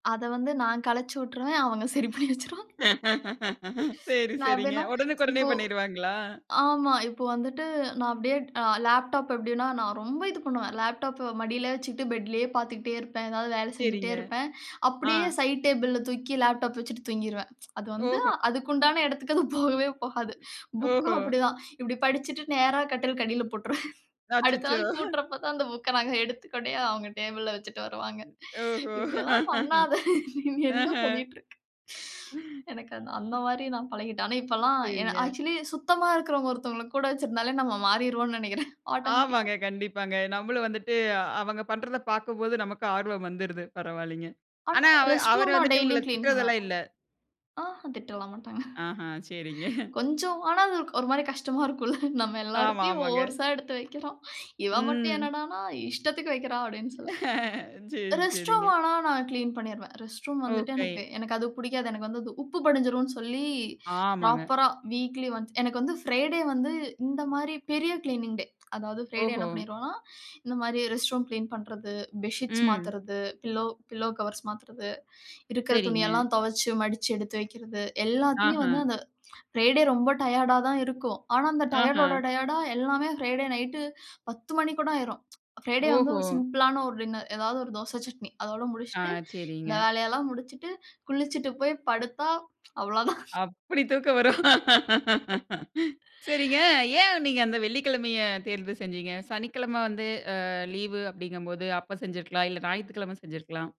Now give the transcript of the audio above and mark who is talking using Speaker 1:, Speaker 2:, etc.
Speaker 1: அத வந்து நான் கலச்சுட்டுருவேன், அவங்க சரி பண்ணி வச்சுருவாங்க.
Speaker 2: சரி
Speaker 1: நான்
Speaker 2: சரிங்க.
Speaker 1: எப்டின்னா,
Speaker 2: உடனுக்கு உடனே
Speaker 1: இப்ப
Speaker 2: பண்ணிடுவாங்களா?
Speaker 1: ஆமா. இப்ப வந்துட்டு நான் அப்டியே லேப்டாப் எப்டின்னா நான் ரொம்ப இது பண்ணுவேன் லேப்டாப்ப மடியிலே வச்சுக்கிட்டு பெட்லேயே பார்த்துக்கிட்டே இருப்பேன். ஏதாவது வேலை செஞ்சுகிட்டே
Speaker 2: சரிங்க.
Speaker 1: இருப்பேன்
Speaker 2: ஆ.
Speaker 1: அப்டியே சைட் டேபிள்ல தூக்கி லேப்டாப் வச்சிட்டு தூங்கிருவேன். அது வந்து
Speaker 2: ஓஹோ!
Speaker 1: அதுக்கு உண்டான இடத்துக்கு அது போகவே போகாது. புக்கும்
Speaker 2: ஓஹோ.
Speaker 1: அப்டிதான். இப்படி படிச்சுட்டு நேரா கட்டிலுக்கு அடியில போட்டுருவேன். அடுத்த
Speaker 2: அச்சச்சோ!
Speaker 1: நாள் கூட்டுறப்ப தான் அந்த புக்க நாங்க எடுத்து கொண்டு போய் அவங்க டேபிளல வச்சுட்டு வருவாங்க.
Speaker 2: ஓஹோ!
Speaker 1: இப்படியெல்லாம் பண்ணாத. நீ என்ன
Speaker 2: ஆஹன்.
Speaker 1: பண்ணிட்டு இருக்க? எனக்கு அந் அந்த மாரி நான் பழகிட்டேன். ஆனா இப்பெல்லாம் என
Speaker 2: சரிங்க.
Speaker 1: ஆக்சுவலி சுத்தமா இருக்கிறவங்க ஒருத்தவங்கள கூட வச்சிருந்தாலே நம்ம மாறிருவோம்னு நினக்கிறேன், ஆட்டோமேட்டிக்கா.
Speaker 2: ஆமாங்க கண்டிப்பாங்க. நம்மளும் வந்துட்டு அவங்க பண்றதப் பார்க்கும்போது நமக்கு ஆர்வம் வந்துருது பரவால்லைங்க.
Speaker 1: ஆனா
Speaker 2: ஆனா அவர்
Speaker 1: ரெஸ்ட்
Speaker 2: அவர்
Speaker 1: ரூம் நான்
Speaker 2: வந்துட்டு உங்கள
Speaker 1: டெய்லியும் கிளீன் பண்ணுவேன்.
Speaker 2: திட்டுறதெல்லாம் இல்ல.
Speaker 1: ஆஹன் திட்டலாம் மாட்டாங்க.
Speaker 2: ஆஹன் சரிங்க.
Speaker 1: கொஞ்சம் ஆனா அது ஒரு மாரி கஷ்டமா இருக்கும்ல. நம்ம
Speaker 2: ஆமா
Speaker 1: எல்லாரையும்
Speaker 2: ஆமாங்க.
Speaker 1: ஓர்ஸா எடுத்து வைக்கிறோம். இவ மட்டும்
Speaker 2: ம்.
Speaker 1: என்னடனா இஷ்டத்துக்கு வைக்கிறா அப்டின்னு சொல்லி
Speaker 2: சரி
Speaker 1: ரெஸ்ட் ரூம்
Speaker 2: சரிங்க.
Speaker 1: ஆனா நான் கிளீன் பண்ணிருவேன். ரெஸ்ட் ரூம் வந்துட்டு
Speaker 2: ஓகே.
Speaker 1: எனக்கு எனக்கு அது பிடிக்காது. எனக்கு வந்து அது உப்பு படிஞ்சிரும்னு சொல்லி
Speaker 2: ஆமாங்க.
Speaker 1: ப்ராப்பரா வீக்லி ஒன்ஸ். எனக்கு வந்து பிரைடே வந்து இந்த மாரி பெரிய கிளீனிங் டே. அதாது பிரைடே என்ன
Speaker 2: ஓஹோ!
Speaker 1: பண்ணிருவோம்னா, இந்த மாரி ரெஸ்ட் ரூம் கிளீன் பண்றது, பெட்ஷீட்ஸ்
Speaker 2: ம்.
Speaker 1: மாததுறது பில்லோ பில்லோ கவர்ஸ் மாத்துறது. இருக்கிற
Speaker 2: சரிங்க.
Speaker 1: துணியெல்லாம் துவச்சு மடிச்சு எடுத்து வைக்கிறது எல்லாத்தையும்
Speaker 2: ஆஹா.
Speaker 1: வந்து அந்த ஃப்ரைடே ரொம்ப டயர்டா தான் இருக்கும். ஆனா அந்த
Speaker 2: ஆஹா.
Speaker 1: டயர்டோட டயர்டா எல்லாமே பிரைடே நைட் 10 மணி கூட ஆயிரும். பிரைடே வந்து
Speaker 2: ஓஹோ!
Speaker 1: ஒரு சிம்பிள் ஆன ஒரு டின்னர் ஏதாவது ஒரு தோச, சட்னி அதோடு
Speaker 2: ஆ
Speaker 1: முடிசிசுட்டு இந்த
Speaker 2: சரிங்க.
Speaker 1: வேலையெல்லாம் முடிச்சிட்டு, குளிச்சிட்டு போய் படுத்தா அவ்வளோதான்.
Speaker 2: அப்டி தூக்கம் வரும். சரிங்க, ஏன் நீங்க அந்த வெள்ளிக்கிழமைய தேர்வு செஞ்சீங்க? சனிக்கிழம வந்து அ லீவ் அப்டிங்க போது அப்ப செஞ்சிருக்கலாம் இல்ல ஞாயித்துக்கிழம செஞ்சிருக்கலாம்.